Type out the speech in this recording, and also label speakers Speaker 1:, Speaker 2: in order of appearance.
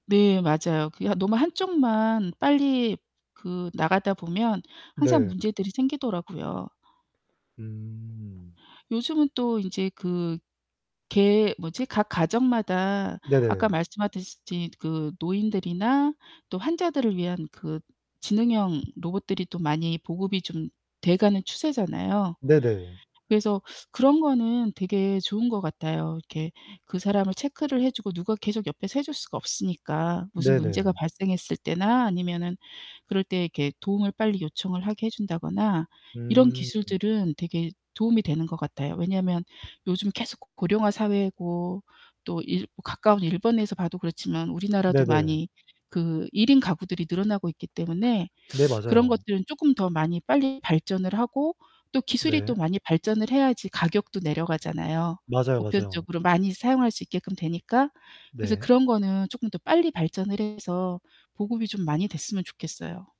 Speaker 1: 네. 맞아요. 그게 너무 한쪽만 빨리 그 나가다 보면 항상
Speaker 2: 네.
Speaker 1: 문제들이 생기더라고요.
Speaker 2: 음.
Speaker 1: 요즘은 또 인제 그 개 뭐지 각 가정마다 아까
Speaker 2: 네.
Speaker 1: 말씀하듯이 그 노인들이나 또 환자들을 위한 그 지능형 로봇들이 또 많이 보급이 좀 돼 가는 추세잖아요.
Speaker 2: 네네.
Speaker 1: 그래서 그런 거는 되게 좋은 것 같아요. 이렇게 그 사람을 체크를 해 주고 누가 계속 옆에서 해 줄 수가 없으니까. 무슨 문제가
Speaker 2: 네네.
Speaker 1: 발생했을 때나 아니면은 그럴 때 이렇게 도움을 빨리 요청을 하게 해 준다거나 이런
Speaker 2: 음.
Speaker 1: 기술들은 되게 도움이 되는 것 같아요. 왜냐하면 요즘 계속 고령화 사회고 또 일 가까운 일본에서 봐도 그렇지만 우리나라도
Speaker 2: 네네.
Speaker 1: 많이 그 1 인 가구들이 늘어나고 있기 때문에
Speaker 2: 네.
Speaker 1: 그런
Speaker 2: 맞아요.
Speaker 1: 것들은 쪼끔 더 많이 빨리 발전을 하고 또 기술이
Speaker 2: 네.
Speaker 1: 또 많이 발전을 해야지 가격도 내려가잖아요
Speaker 2: 맞아요, 맞아요.
Speaker 1: 보편적으로 많이 사용할 수 있게끔 되니까. 그래서
Speaker 2: 네.
Speaker 1: 그런 거는 쪼끔 더 빨리 발전을 해서 보급이 좀 많이 됐으면 좋겠어요.